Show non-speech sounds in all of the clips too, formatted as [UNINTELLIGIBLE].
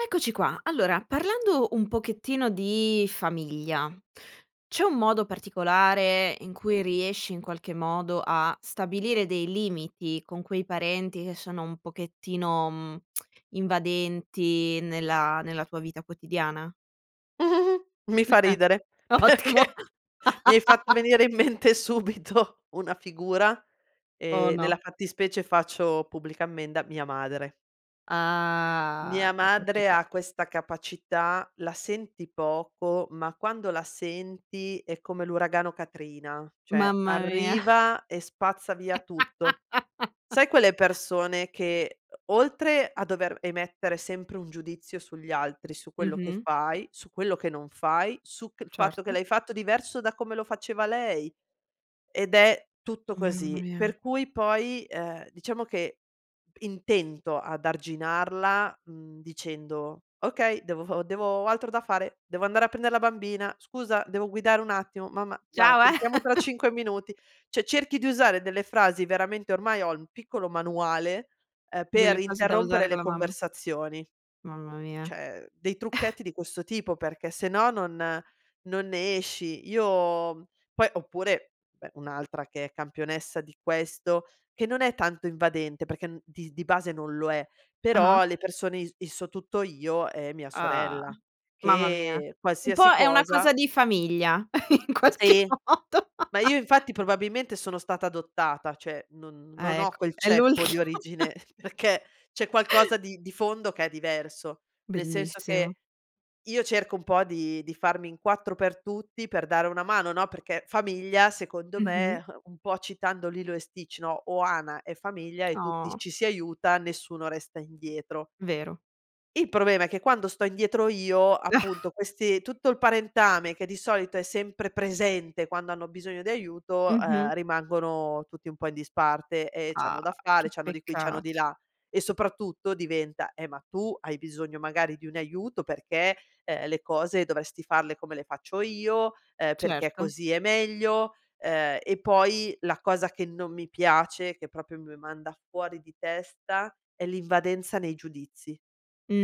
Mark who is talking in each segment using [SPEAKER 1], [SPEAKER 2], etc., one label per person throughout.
[SPEAKER 1] Eccoci qua, allora parlando un pochettino di famiglia, c'è un modo particolare in cui riesci in qualche modo a stabilire dei limiti con quei parenti che sono un pochettino [TSK] mhmm invadenti nella nella tua vita quotidiana?
[SPEAKER 2] [GIGGLES] Mi fa
[SPEAKER 1] [CHUCKLES]
[SPEAKER 2] ridere
[SPEAKER 1] Ottimo.
[SPEAKER 2] perché mi hai fatto
[SPEAKER 1] [LAUGHS]
[SPEAKER 2] venire in mente subito una figura
[SPEAKER 1] Oh
[SPEAKER 2] e nella
[SPEAKER 1] no.
[SPEAKER 2] fattispecie faccio pubblica ammenda: mia madre. Mia
[SPEAKER 1] Ah, eccoci
[SPEAKER 2] madre
[SPEAKER 1] qua.
[SPEAKER 2] ha questa capacità: la senti poco ma quando la senti è come l'uragano Katrina. Cioè
[SPEAKER 1] Mamma mia.
[SPEAKER 2] arriva e spazza via tutto.
[SPEAKER 1] [CHUCKLES]
[SPEAKER 2] Sai quelle persone che o oltre a dover emettere sempre un giudizio sugli altri, su quello che
[SPEAKER 1] Mh-mh.
[SPEAKER 2] fai, su quello che non fai, su che il fatto che
[SPEAKER 1] Certo.
[SPEAKER 2] l'hai fatto diverso da come lo faceva lei. Ed è tutto
[SPEAKER 1] Mamma
[SPEAKER 2] così,
[SPEAKER 1] mia.
[SPEAKER 2] per cui poi, ehm, diciamo che intento ad arginarla, mhmm, dicendo: "Okay, devo devo ho altro da fare, devo andare a prendere la bambina, scusa devo guidare, un attimo mamma guarda
[SPEAKER 1] Ciao,
[SPEAKER 2] ti
[SPEAKER 1] eh.
[SPEAKER 2] richiamo tra 5 minuti".
[SPEAKER 1] [CHUCKLES]
[SPEAKER 2] Cioè cerchi di usare delle frasi veramente ormai ho un piccolo manuale, uhm, per
[SPEAKER 1] Delle frasi da usare
[SPEAKER 2] interrompere
[SPEAKER 1] con
[SPEAKER 2] le
[SPEAKER 1] la mamma.
[SPEAKER 2] conversazioni.
[SPEAKER 1] Mamma mia.
[SPEAKER 2] Cioè dei
[SPEAKER 1] [CHUCKLES]
[SPEAKER 2] trucchetti di questo tipo perché se no non non ne esci. Io poi oppure beh un'altra che è campionessa di questo, che non è tanto invadente perché n dis di base non lo è.
[SPEAKER 1] Ah ah.
[SPEAKER 2] Però le persone i i sò tutto io è mia
[SPEAKER 1] Ah,
[SPEAKER 2] sorella
[SPEAKER 1] mamma mia,
[SPEAKER 2] che
[SPEAKER 1] un po'
[SPEAKER 2] qualsiasi
[SPEAKER 1] è una
[SPEAKER 2] cosa
[SPEAKER 1] cosa di famiglia in qualche
[SPEAKER 2] Sì.
[SPEAKER 1] modo.
[SPEAKER 2] Ma io infatti probabilmente sono stata adottata cioè non non
[SPEAKER 1] Ah
[SPEAKER 2] ho
[SPEAKER 1] ecco,
[SPEAKER 2] quel
[SPEAKER 1] è
[SPEAKER 2] ceppo
[SPEAKER 1] l'ultimo.
[SPEAKER 2] di origine. Perché c'è
[SPEAKER 1] [CHUCKLES]
[SPEAKER 2] qualcosa di di fondo che è diverso. Nel senso che
[SPEAKER 1] Bellissimo.
[SPEAKER 2] io cerco un po' di di farmi in 4 per tutti per dare una mano no, perché famiglia secondo
[SPEAKER 1] Mh-mh.
[SPEAKER 2] me un po' citando Lilo e Sticht: "Ohana è famiglia" e tutti
[SPEAKER 1] Oh.
[SPEAKER 2] ci si aiuta, nessuno resta indietro.
[SPEAKER 1] Vero.
[SPEAKER 2] Il problema è che quando sto indietro io, appunto
[SPEAKER 1] [CHUCKLES]
[SPEAKER 2] questi tutto il parentame che di solito è sempre presente quando hanno bisogno di aiuto,
[SPEAKER 1] Mh-mh.
[SPEAKER 2] uhm, rimangono tutti un po' in disparte. E c'hanno
[SPEAKER 1] Ah,
[SPEAKER 2] da fare,
[SPEAKER 1] che
[SPEAKER 2] c'hanno di qui, c'hanno di
[SPEAKER 1] peccato.
[SPEAKER 2] là. E soprattutto diventa: "Eh, ma tu hai bisogno magari di un aiuto perché, uhm, le cose dovresti farle come le faccio io, uhm, perché
[SPEAKER 1] Certo.
[SPEAKER 2] così è meglio." Uhm, e poi la cosa che non mi piace, che proprio mi manda fuori di testa è l'invadenza nei giudizi,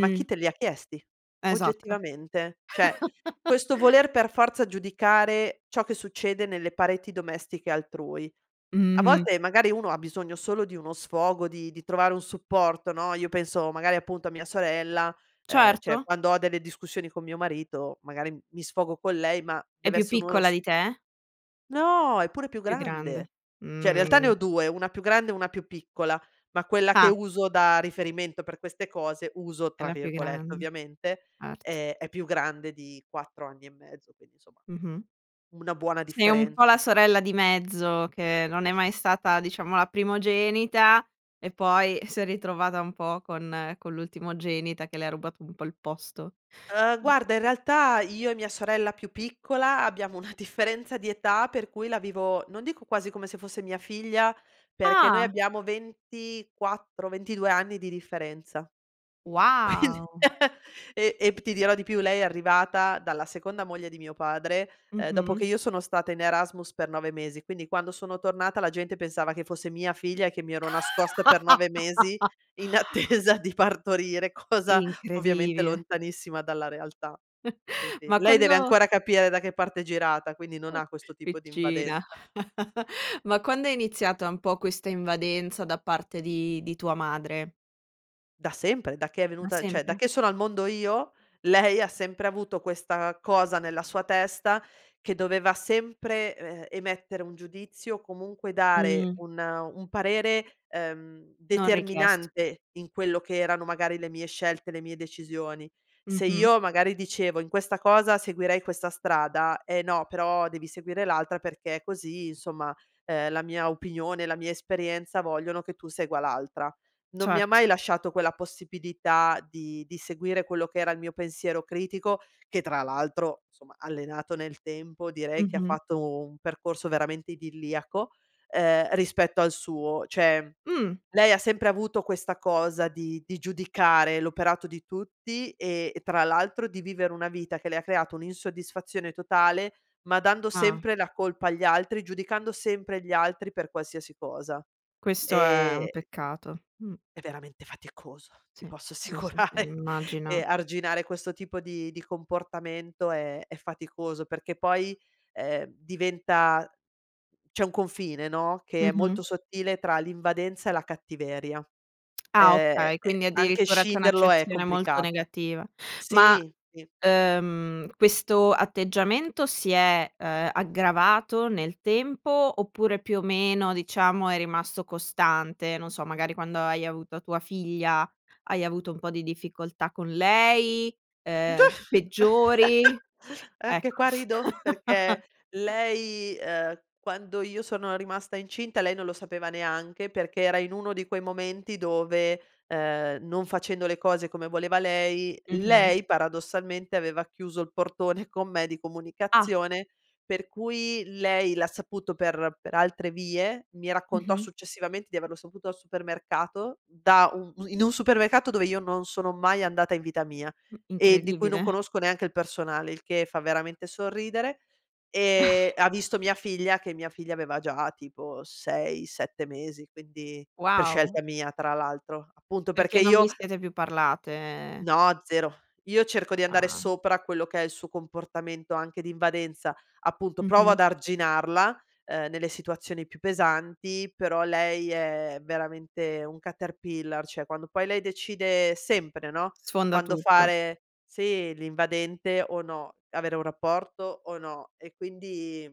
[SPEAKER 2] ma chi te li chiesti,
[SPEAKER 1] Esatto.
[SPEAKER 2] oggettivamente. Cioè questo
[SPEAKER 1] [CHUCKLES]
[SPEAKER 2] voler per forza giudicare ciò che succede nelle pareti domestiche altrui. A
[SPEAKER 1] Mh-mh.
[SPEAKER 2] volte magari uno ha bisogno solo di uno sfogo di di trovare un supporto no, io penso magari appunto a mia sorella, uhm, cioè
[SPEAKER 1] Certo.
[SPEAKER 2] quando ho delle discussioni con mio marito, magari mi sfogo con lei ma
[SPEAKER 1] È più
[SPEAKER 2] dev'essere uno
[SPEAKER 1] piccola
[SPEAKER 2] sf
[SPEAKER 1] di te?
[SPEAKER 2] No, è pure più
[SPEAKER 1] Più grande,
[SPEAKER 2] grande. Cioè in realtà ne ho
[SPEAKER 1] mhmm.
[SPEAKER 2] 2 una più grande e una più piccola ma quella che
[SPEAKER 1] Ah.
[SPEAKER 2] uso da riferimento per queste cose, "uso"
[SPEAKER 1] È
[SPEAKER 2] tra
[SPEAKER 1] la più
[SPEAKER 2] virgolette
[SPEAKER 1] grande,
[SPEAKER 2] ovviamente,
[SPEAKER 1] erto.
[SPEAKER 2] eh è più grande di 4 anni e mezzo quindi insomma
[SPEAKER 1] Mh-mh.
[SPEAKER 2] una buona
[SPEAKER 1] Sei un po'
[SPEAKER 2] differenza.
[SPEAKER 1] la sorella di mezzo, che non è mai stata diciamo la primogenita e poi si è ritrovata un po' con con l'ultimogenita che le ha rubato un po' il posto.
[SPEAKER 2] Uhm, guarda in
[SPEAKER 1] [UNINTELLIGIBLE]
[SPEAKER 2] realtà, io e mia sorella più piccola abbiamo una differenza di età per cui la vivo, non dico quasi come se fosse mia figlia, perché noi
[SPEAKER 1] Ah!
[SPEAKER 2] abbiamo 24, 22 anni di differenza, quindi
[SPEAKER 1] Wow.
[SPEAKER 2] [CHUCKLES] e ept ti dirò di più lei è arrivata dalla seconda moglie di mio padre, uhm, dopo che
[SPEAKER 1] Mh-mh.
[SPEAKER 2] io sono stata in Erasmus per 9 mesi, quindi quando sono tornata la gente pensava che fosse mia figlia e che mi ero nascosta per 9 mesi in
[SPEAKER 1] [LAUGHS]
[SPEAKER 2] attesa di partorire, cosa ovviamente
[SPEAKER 1] Incredibile.
[SPEAKER 2] lontanissima dalla realtà.
[SPEAKER 1] [CHUCKLES]
[SPEAKER 2] Quindi
[SPEAKER 1] ma
[SPEAKER 2] lei deve
[SPEAKER 1] quando
[SPEAKER 2] ancora capire da che parte è girata, quindi non
[SPEAKER 1] Mh,
[SPEAKER 2] ha questo tipo di
[SPEAKER 1] piccina.
[SPEAKER 2] invadenza.
[SPEAKER 1] [CHUCKLES] Ma quando è iniziata un po' questa invadenza da parte di di tua madre?
[SPEAKER 2] Da sempre, da che è
[SPEAKER 1] Da
[SPEAKER 2] venuta cioè da
[SPEAKER 1] sempre?
[SPEAKER 2] che sono al mondo io, lei ha sempre avuto questa cosa nella sua testa, che doveva sempre, ehm, emettere un giudizio comunque dare
[SPEAKER 1] Mhmm.
[SPEAKER 2] un un parere, ehm,
[SPEAKER 1] Non richiesto.
[SPEAKER 2] determinante in quello che erano magari le mie scelte, le mie decisioni. Se
[SPEAKER 1] Mh-mh.
[SPEAKER 2] io magari dicevo in questa cosa seguirei questa strada: "Eh no però devi seguire l'altra perché così insomma, uhm, la mia opinione, la mia esperienza vogliono che tu segua l'altra." Non mi ha
[SPEAKER 1] Certo.
[SPEAKER 2] mai lasciato quella possibilità di di seguire quello che era il mio pensiero critico, che tra l'altro insomma allenato nel tempo direi che ha
[SPEAKER 1] Mh-mh.
[SPEAKER 2] fatto un percorso veramente idilliaco, uhm, rispetto al suo. Cioè
[SPEAKER 1] Mh.
[SPEAKER 2] lei ha sempre avuto questa cosa di di giudicare l'operato di tutti e tra l'altro di vivere una vita che le ha creato un'insoddisfazione totale, ma dando
[SPEAKER 1] Ah.
[SPEAKER 2] sempre la colpa agli altri, giudicando sempre gli altri per qualsiasi cosa.
[SPEAKER 1] Questo è un
[SPEAKER 2] Ehm
[SPEAKER 1] peccato, mhmm.
[SPEAKER 2] è veramente faticoso, ti
[SPEAKER 1] Sì,
[SPEAKER 2] posso
[SPEAKER 1] sì, sì, sì
[SPEAKER 2] assicurare. E
[SPEAKER 1] immagina.
[SPEAKER 2] arginare questo tipo di di comportamento è è faticoso perché poi, ehm diventa c'è un confine no, che è
[SPEAKER 1] Mh-mh.
[SPEAKER 2] molto sottile tra l'invadenza e la cattiveria.
[SPEAKER 1] [TSK] Ah
[SPEAKER 2] Ehm,
[SPEAKER 1] okay, quindi
[SPEAKER 2] anche
[SPEAKER 1] addirittura c'è
[SPEAKER 2] scinderlo è
[SPEAKER 1] un'accezione molto
[SPEAKER 2] complicato.
[SPEAKER 1] negativa, ma,
[SPEAKER 2] Sì, sì.
[SPEAKER 1] uhm, questo atteggiamento si è, uhm, aggravato nel tempo, oppure più o meno diciamo è rimasto costante, non so magari quando hai avuto tua figlia hai avuto un po' di difficoltà con lei, uhm, peggiori?
[SPEAKER 2] [CHUCKLES] Anche
[SPEAKER 1] Ecco
[SPEAKER 2] qua rido, perché
[SPEAKER 1] [LAUGHS]
[SPEAKER 2] lei, ehm, quando io sono rimasta incinta lei non lo sapeva neanche, perché era in uno di quei momenti dove, uhm, non facendo le cose come voleva lei,
[SPEAKER 1] Mh-mh.
[SPEAKER 2] lei paradossalmente aveva chiuso il portone con me di
[SPEAKER 1] Ah.
[SPEAKER 2] comunicazione per cui lei l'ha saputo per per altre vie. Mi raccontò
[SPEAKER 1] Mh-mh.
[SPEAKER 2] successivamente di averlo saputo al supermercato, da un in un supermercato dove io non sono mai andata in vita mia
[SPEAKER 1] Mh,
[SPEAKER 2] e di cui non
[SPEAKER 1] incredibile.
[SPEAKER 2] conosco neanche il personale il che fa veramente sorridere. E
[SPEAKER 1] [SIGHS]
[SPEAKER 2] ha visto mia figlia, che mia figlia aveva già tipo 6, 7 mesi quindi per
[SPEAKER 1] Wow.
[SPEAKER 2] scelta mia tra l'altro. Appunto perché
[SPEAKER 1] Perché non
[SPEAKER 2] io
[SPEAKER 1] vi siete più parlate, e
[SPEAKER 2] No, 0. Io cerco di andare
[SPEAKER 1] Ah.
[SPEAKER 2] sopra quello che è il suo comportamento anche di invadenza. Appunto, provo
[SPEAKER 1] Mh-mh.
[SPEAKER 2] ad arginarla, uhm, nelle situazioni più pesanti, però lei è veramente un Caterpillar. Cioè quando poi lei decide sempre no,
[SPEAKER 1] Sfonda
[SPEAKER 2] quando
[SPEAKER 1] tutto.
[SPEAKER 2] fare sì l'invadente o no, avere un rapporto o no. E quindi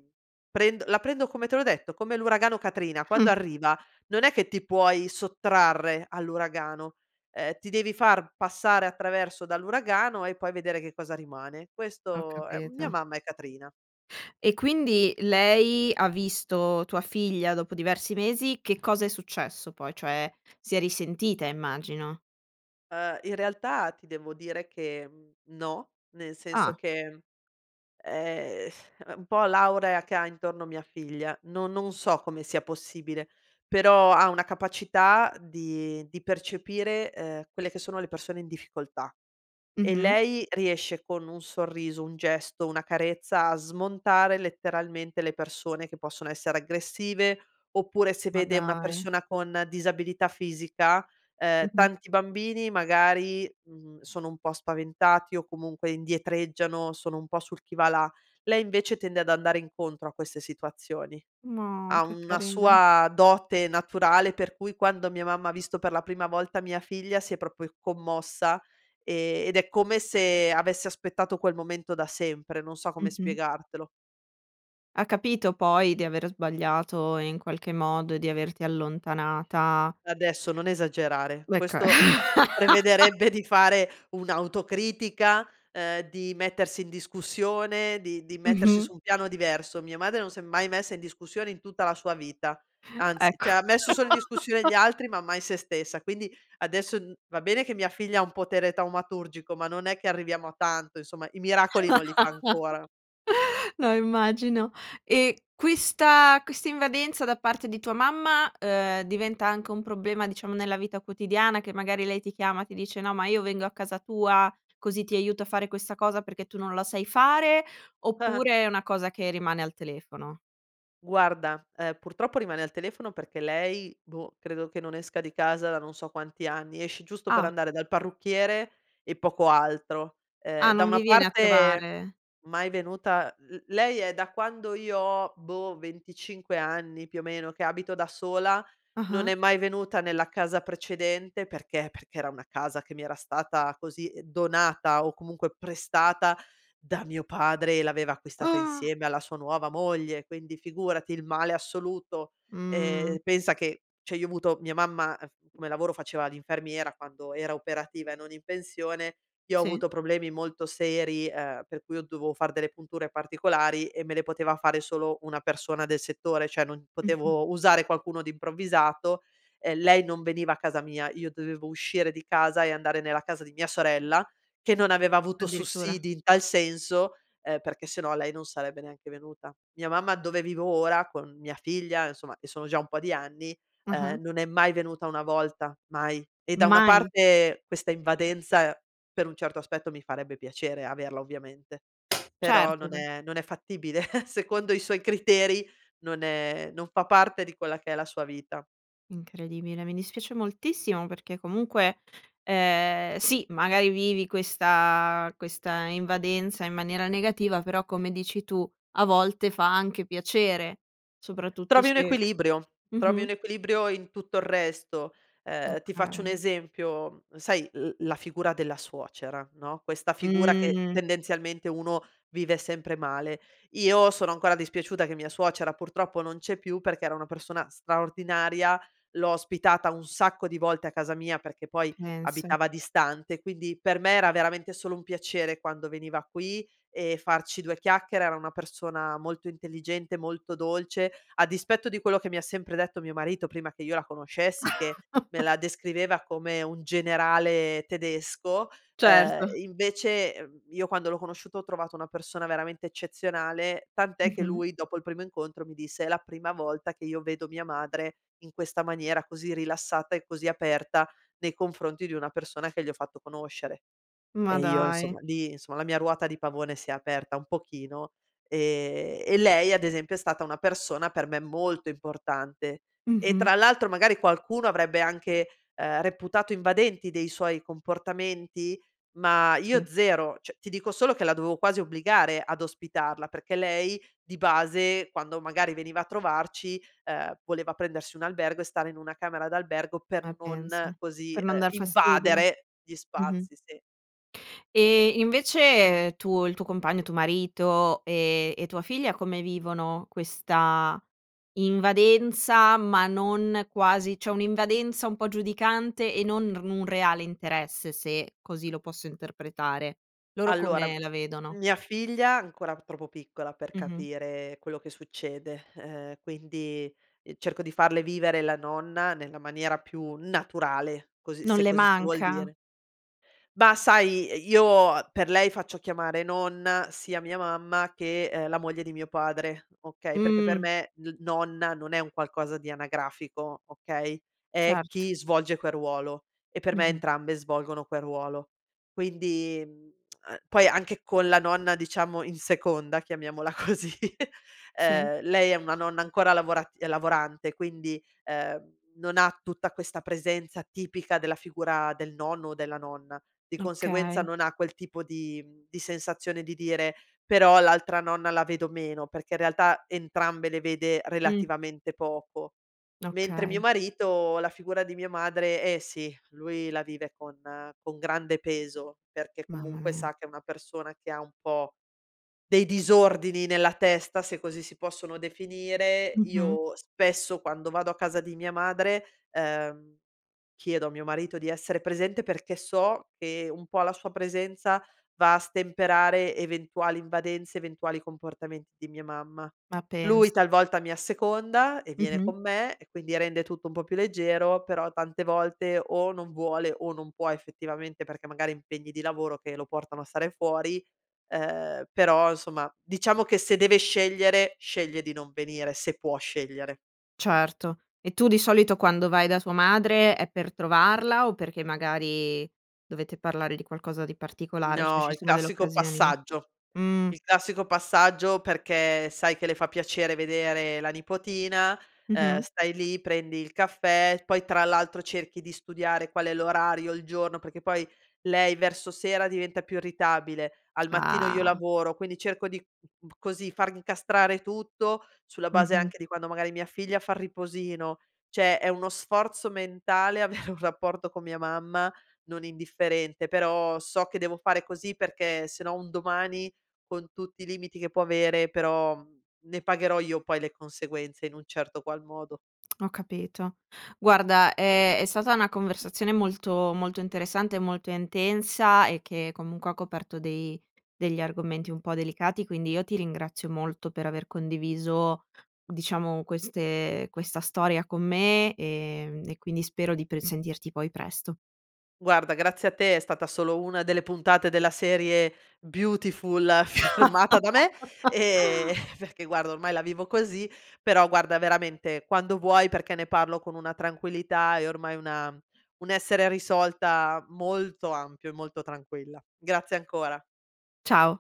[SPEAKER 2] prendo la prendo come te l'ho detto, come l'uragano Katrina, quando
[SPEAKER 1] Mh.
[SPEAKER 2] arriva non è che ti puoi sottrarre all'uragano, ehm, ti devi far passare attraverso dall'uragano e poi vedere che cosa rimane,
[SPEAKER 1] Ho
[SPEAKER 2] questo è mia
[SPEAKER 1] capito.
[SPEAKER 2] mamma è Katrina.
[SPEAKER 1] E quindi lei ha visto tua figlia dopo diversi mesi, che cosa è successo poi? Cioè, si è risentita, immagino.
[SPEAKER 2] Ehm, in realtà ti devo dire che, mhmm, no, nel senso
[SPEAKER 1] Ah.
[SPEAKER 2] che, ehm, [SIGHS] è un po' l'aurea che ha intorno mia figlia. No non so come sia possibile, però ha una capacità di di percepire, ehm, quelle che sono le persone in difficoltà. E
[SPEAKER 1] Mh-mh.
[SPEAKER 2] lei riesce con un sorriso, un gesto, una carezza a smontare letteralmente le persone che possono essere aggressive, oppure se
[SPEAKER 1] Ma
[SPEAKER 2] vede una
[SPEAKER 1] dai!
[SPEAKER 2] persona con disabilità fisica ehm,
[SPEAKER 1] Mh mh.
[SPEAKER 2] tanti bambini magari, mhmm, sono un po' spaventati o comunque indietreggiano, sono un po' sul chi va là, lei invece tende ad andare incontro a queste situazioni.
[SPEAKER 1] No,
[SPEAKER 2] Ha
[SPEAKER 1] che
[SPEAKER 2] una
[SPEAKER 1] carina!
[SPEAKER 2] sua dote naturale, per cui, quando mia mamma ha visto per la prima volta mia figlia si è proprio commossa e ed è come se avesse aspettato quel momento da sempre. Non so come
[SPEAKER 1] Mh-mh.
[SPEAKER 2] spiegartelo.
[SPEAKER 1] Ha capito poi di aver sbagliato in qualche modo e di averti allontanata?
[SPEAKER 2] Adesso non esagerare.
[SPEAKER 1] Gu ecco.
[SPEAKER 2] Questo [CHUCKLES]
[SPEAKER 1] [LAUGHS]
[SPEAKER 2] prevederebbe di fare un'autocritica, ehm, di mettersi in discussione, di di mettersi
[SPEAKER 1] Mh-mh.
[SPEAKER 2] su un piano diverso. Mia madre non s'è mai messa in discussione in tutta la sua vita. Anzi
[SPEAKER 1] Ecco.
[SPEAKER 2] cioè ha messo solo in discussione gli
[SPEAKER 1] [LAUGHS]
[SPEAKER 2] altri ma mai se stessa. Quindi adesso n va bene che mia figlia ha un potere taumaturgico ma non è che arriviamo a tanto insomma, i miracoli non li fa ancora.
[SPEAKER 1] [LAUGHS] No immagino e questa questa invadenza da parte di tua mamma, ehm, diventa anche un problema diciamo nella vita quotidiana, che magari lei ti chiama e ti dice: "No ma io vengo a casa tua, così ti aiuto a fare questa cosa, perché tu non la sai fare"?
[SPEAKER 2] Ah-ah.
[SPEAKER 1] Oppure è una cosa che rimane al telefono?
[SPEAKER 2] Guarda, ehm, purtroppo rimane al telefono perché lei, boh, credo che non esca di casa da non so quanti anni, esce giusto per
[SPEAKER 1] Ah!
[SPEAKER 2] andare dal parrucchiere e poco altro. Ehm,
[SPEAKER 1] Ah,
[SPEAKER 2] da
[SPEAKER 1] non
[SPEAKER 2] una
[SPEAKER 1] vi viene a
[SPEAKER 2] parte
[SPEAKER 1] trovare?
[SPEAKER 2] mai venuta l lei è da quando io ho, boh, venticinque anni più o meno che abito da sola, non
[SPEAKER 1] Ah-ah.
[SPEAKER 2] è mai venuta nella casa precedente perché? Perché era una casa che mi era stata, così, donata o comunque prestata da mio padre e l'aveva acquistata
[SPEAKER 1] Ah!
[SPEAKER 2] insieme alla sua nuova moglie, quindi figurati, il male assoluto.
[SPEAKER 1] Mh.
[SPEAKER 2] Ehm, pensa che cioè io ho avuto mia mamma, uhm, f come lavoro faceva l'infermiera quando era operativa e non in pensione, io ho
[SPEAKER 1] Sì.
[SPEAKER 2] avuto problemi molto seri, ehm, per cui ho dovevo far delle punture particolari e me le poteva fare solo una persona del settore, cioè, non
[SPEAKER 1] Mh-mh.
[SPEAKER 2] potevo usare qualcuno di improvvisato; ehm, lei non veniva a casa mia io dovevo uscire di casa e andare nella casa di mia sorella, che non aveva avuto
[SPEAKER 1] Addirittura.
[SPEAKER 2] sussidi in tal senso, ehm, perché se no lei non sarebbe neanche venuta. Mia mamma dove vivo ora con mia figlia, insomma, e sono già un po' di anni,
[SPEAKER 1] Mh-mh.
[SPEAKER 2] ehm, non è mai venuta una volta, mai e da una
[SPEAKER 1] Mai?
[SPEAKER 2] parte questa invadenza, per un certo aspetto, mi farebbe piacere averla, ovviamente, però
[SPEAKER 1] Certo,
[SPEAKER 2] non
[SPEAKER 1] beh.
[SPEAKER 2] è non è fattibile [CHUCKLES] secondo i suoi criteri non è non fa parte di quella che è la sua vita.
[SPEAKER 1] Incredibile, mi dispiace moltissimo, perché comunque, ehm, sì magari vivi questa questa invadenza in maniera negativa però, come dici tu, a volte fa anche piacere, soprattutto
[SPEAKER 2] Trovi un
[SPEAKER 1] se
[SPEAKER 2] equilibrio, trovi
[SPEAKER 1] mh-mh
[SPEAKER 2] un equilibrio in tutto il resto. Ehm, ti faccio un
[SPEAKER 1] Okay.
[SPEAKER 2] esempio: sai l la figura della suocera, no, questa figura che
[SPEAKER 1] Mh.
[SPEAKER 2] tendenzialmente uno vive sempre male. Io sono ancora dispiaciuta che mia suocera, purtroppo, non c'è più perché era una persona straordinaria. L'ho ospitata un sacco di volte a casa mia, perché poi
[SPEAKER 1] Pensa.
[SPEAKER 2] abitava distante, quindi per me era veramente solo un piacere quando veniva qui e farci due chiacchiere. Era una persona molto intelligente, molto dolce, a dispetto di quello che mi ha sempre detto mio marito, prima che io la conoscessi, che me
[SPEAKER 1] [CHUCKLES]
[SPEAKER 2] la descriveva come un generale tedesco, ehm,
[SPEAKER 1] Certo.
[SPEAKER 2] invece, mhmm, io quando l'ho conosciuta ho trovato una persona veramente eccezionale; tant'è che
[SPEAKER 1] Mh-mh.
[SPEAKER 2] lui, dopo il primo incontro mi disse: "È la prima volta che io vedo mia madre in questa maniera, così rilassata e così aperta, nei confronti di una persona che gli ho fatto conoscere."
[SPEAKER 1] Ma
[SPEAKER 2] E io
[SPEAKER 1] dai!
[SPEAKER 2] insomma lì insomma la mia ruota di pavone si è aperta un pochino e e lei ad esempio è stata una persona per me molto importante e,
[SPEAKER 1] Mh-mh.
[SPEAKER 2] tra l'altro, magari qualcuno avrebbe anche, ehm, reputato invadenti dei suoi comportamenti, ma
[SPEAKER 1] Sì.
[SPEAKER 2] io 0; cioè ti dico solo che la dovevo quasi obbligare ad ospitarla, perché lei di base, quando magari veniva a trovarci, ehm, voleva prendersi un albergo e stare in una camera d'albergo per
[SPEAKER 1] Ma pensa!
[SPEAKER 2] non, così,
[SPEAKER 1] Per non
[SPEAKER 2] uhm,
[SPEAKER 1] dar fastidio,
[SPEAKER 2] invadere gli
[SPEAKER 1] mh-mh.
[SPEAKER 2] spazi sì.
[SPEAKER 1] E invece, ehm, tu il tuo compagno tuo marito e e tua figlia come vivono questa invadenza, ma non quasi cioè un'invadenza un po' giudicante e non n r un reale interesse, se così lo posso interpretare. Loro
[SPEAKER 2] Allora,
[SPEAKER 1] come
[SPEAKER 2] m
[SPEAKER 1] la vedono?
[SPEAKER 2] mia figlia è ancora p troppo piccola per
[SPEAKER 1] Mh-mh.
[SPEAKER 2] capire, ehm, quello che succede, ehm, quindi, ehm, cerco di farle vivere la nonna nella maniera più naturale così
[SPEAKER 1] Non
[SPEAKER 2] se
[SPEAKER 1] le
[SPEAKER 2] così si vuol
[SPEAKER 1] manca?
[SPEAKER 2] dire. Bah, sai, ehm, io per lei faccio chiamare nonna sia mia mamma che, ehm, la moglie di mio padre, okay, perché per
[SPEAKER 1] Mh.
[SPEAKER 2] me n nonna non è un qualcosa di anagrafico okay, é
[SPEAKER 1] Certo.
[SPEAKER 2] chi svolge quel ruolo, e per me
[SPEAKER 1] Mh-mh.
[SPEAKER 2] entrambe svolgono quel ruolo. Quindi mhmm, [TSK] poi anche con la nonna diciamo in seconda, chiamiamola così [CHUCKLES]
[SPEAKER 1] Sì.
[SPEAKER 2] ehm, lei è una nonna ancora lavorat lavorante quindi, ehm, non ha tutta questa presenza tipica della figura del nonno o della nonna; di conseguenza
[SPEAKER 1] Okay.
[SPEAKER 2] non ha quel tipo di mhmm, di sensazione di dire: "Però l'altra nonna la vedo meno." Perché in realtà entrambe le vede,
[SPEAKER 1] Mh.
[SPEAKER 2] relativamente, poco. Mentre mio
[SPEAKER 1] Okay.
[SPEAKER 2] marito la figura di mia madre, eh sì, lui la vive con con grande peso, perché
[SPEAKER 1] Mamma
[SPEAKER 2] comunque
[SPEAKER 1] mia.
[SPEAKER 2] sa che è una persona che ha un po' dei disordini nella testa, se così si possono definire.
[SPEAKER 1] Mh-mh.
[SPEAKER 2] Io spesso, quando vado a casa di mia madre, ehm, chiedo a mio marito di essere presente perché so che un po' la sua presenza va a stemperare eventuali invadenze, eventuali comportamenti di mia mamma.
[SPEAKER 1] Ma
[SPEAKER 2] Lui
[SPEAKER 1] pensa!
[SPEAKER 2] talvolta mi asseconda e viene
[SPEAKER 1] Mh-mh.
[SPEAKER 2] con me e quindi rende tutto un po' più leggero, però tante volte o non vuole o non può effettivamente, perché magari ha impegni di lavoro che lo portano a stare fuori, ehm, però insomma, diciamo che se deve scegliere, sceglie di non venire, se può scegliere.
[SPEAKER 1] Certo, e tu di solito quando vai da tua madre è per trovarla o perché magari dovete parlare di qualcosa di particolare? Cioè se
[SPEAKER 2] No,
[SPEAKER 1] ci
[SPEAKER 2] il
[SPEAKER 1] sono delle
[SPEAKER 2] classico
[SPEAKER 1] occasioni
[SPEAKER 2] passaggio.
[SPEAKER 1] mh.
[SPEAKER 2] Il classico passaggio perché sai che le fa piacere vedere la nipotina. Ehm,
[SPEAKER 1] Mh-mh.
[SPEAKER 2] stai lì prendi il caffè poi tra l'altro cerchi di studiare qual è l'orario, il giorno, perché poi lei verso sera diventa più irritabile. Al mattino io
[SPEAKER 1] Ah.
[SPEAKER 2] lavoro, quindi cerco di mhmm, così far incastrare tutto, sulla base
[SPEAKER 1] Mh-mh.
[SPEAKER 2] anche di quando magari mia figlia fa il riposino; cioè è uno sforzo mentale avere un rapporto con mia mamma, non indifferente, però so che devo fare così, perché se no un domani, con tutti i limiti che può avere, però, mhmm, ne pagherò io poi le conseguenze, in un certo qual modo.
[SPEAKER 1] Ho capito. Guarda è è stata una conversazione molto molto interessante e molto intensa e che, comunque, ha coperto dei degli argomenti un po' delicati, quindi io ti ringrazio molto per aver condiviso, diciamo, queste ehm, questa storia con me, ehm, e quindi spero di pr sentirti poi presto.
[SPEAKER 2] Guarda grazie a te, è stata solo una delle puntate della serie Beautiful, firmata da me, ehm,
[SPEAKER 1] [LAUGHS]
[SPEAKER 2] perché guarda ormai la vivo così, però guarda veramente, quando vuoi, perché ne parlo con una tranquillità e ormai una un essere risolta molto ampio e molto tranquilla. Grazie ancora.
[SPEAKER 1] Ciao!